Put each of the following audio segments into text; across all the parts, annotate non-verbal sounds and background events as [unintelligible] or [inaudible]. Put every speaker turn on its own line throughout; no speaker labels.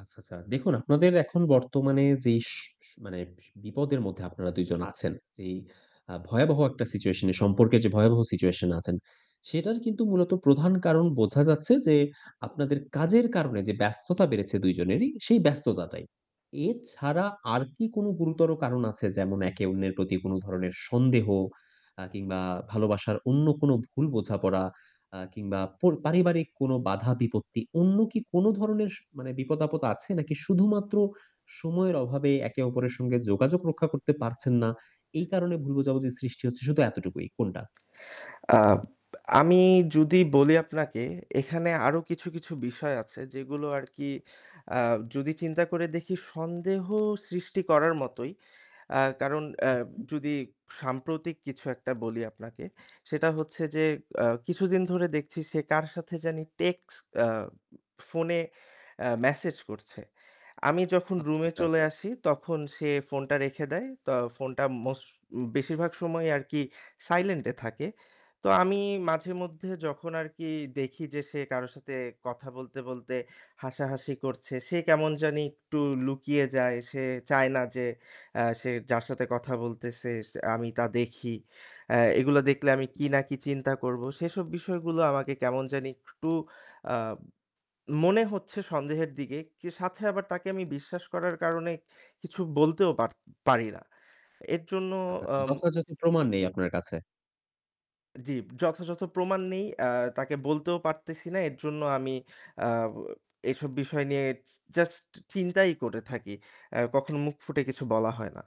আচ্ছা, আচ্ছা। দেখুন, আপনাদের এখন বর্তমানে যেই সু সু মানে বি বিপদের মধ্যে আপনারা ২ জন আছেন, যেই আ ভয়াবহ একটা situation এ সম্পর্কের যে ভয়াবহ situation আছেন, সেটার কিন্তু মূলত প্রধান কারণ বোঝা যাচ্ছে যে, আপনাদের কাজের কারণে যে ব্যস্ততা বেড়েছে ২ জনেরই সেই ব্যস্ততাটাই। এছাড়া আর কি কোন গুরুতর কারণ আছে? যেমন একে অন্যের প্রতি কোন ধরনের সন্দেহ অ্যা কিংবা ভালোবাসার অন্য কোন ভুল বোঝাপড়া আ কিংবা পর পারিবারিক কোন বাধা বিপত্তি অন্য কি কোন ধরনের স মানে বিপদ-আপদ আছে? নাকি শুধুমাত্র সময়ের অভাবে একে অপরের সঙ্গে যোগাযোগ রক্ষা করতে পারছেন না, এই কারণে ভুল বোঝাবুঝি সৃষ্টি হচ্ছে শুধু এতটুকুই কোনটা?
আব আমি যদি বলি আপনাকে এখানে আরও কিছু, কিছু বিষয় আছে যেগুলো আর কি আ যদি চিন্তা করে দেখি সন্দেহ সৃষ্টি করার মতোই। আ কারণ অ্যা
উহু।
যদি সাম্প্রতিক কিছু একটা বলি আপনাকে সেটা হচ্ছে যে অ্যা কিছুদিন ধরে দেখছি সে কার সাথে জানি টেক্সট অ্যা ফোনে অ্যা মেসেজ করছে। আমি যখন
আচ্ছা,
রুমে
আচ্ছা।
চলে আসি তখন সে ফোনটা রেখে দেয়। তো ফোনটা মোস্ট বেশিরভাগ সময় আর কি silent এ থাকে। তো আমি
হুম।
মাঝেমধ্যে যখন আর কি দেখি যে সে কারো সাথে কথা বলতে, বলতে হাসাহাসি করছে সে কেমন জানি একটু লুকিয়ে যায়। সে চায় না যে অ্যা সে যার সাথে কথা বলতেছে সে আমি তা দেখি। অ্যা এগুলা দেখলে আমি
[unintelligible]
কি না কি চিন্তা করব সেসব বিষয়গুলো আমাকে কেমন জানি একটু আ মনে হচ্ছে সন্দেহের দিকে কে সাথে আবার তাকে আমি বিশ্বাস করার কারণে কিছু বলতেও পার পারি না। এর জন্য
আচ্ছা, আচ্ছা।
আম
যথাযথ প্রমাণ নেই আপনার কাছে।
জি, যথাযথ প্রমাণ নেই অ্যা তাকে বলতেও পারতেছি না। এর জন্য আমি আ এসব বিষয় নিয়ে য just চিন্তাই করে থাকি। অ্যা কখনো মুখ ফুটে কিছু বলা হয় না।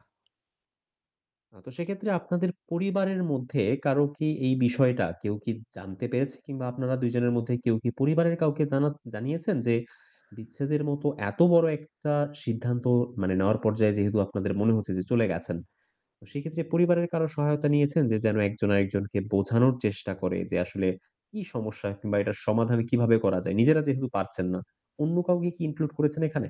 না, তো সেক্ষেত্রে আপনাদের পরিবারের মধ্যে কারো কি এই বিষয়টা কেউ কি জানতে পেরেছে? কিংবা আপনারা ২ জনের মধ্যে কেউ কি পরিবারের কাউকে জানা জানিয়েছেন যে, বিচ্ছেদের মতো এত বড় একটা সিদ্ধান্ত মানে নেওয়ার পর্যায়ে যেহেতু আপনাদের মনে হচ্ছে যে চলে গেছেন, সেক্ষেত্রে পরিবারের কারো সহায়তা নিয়েছেন যে যেন একজন আরেকজনকে বোঝানোর চেষ্টা করে যে আসলে কি সমস্যা কিংবা এটার সমাধান কিভাবে করা যায়? নিজেরা যেহেতু পারছেন না, অন্য কাউকে কি include করেছেন এখানে?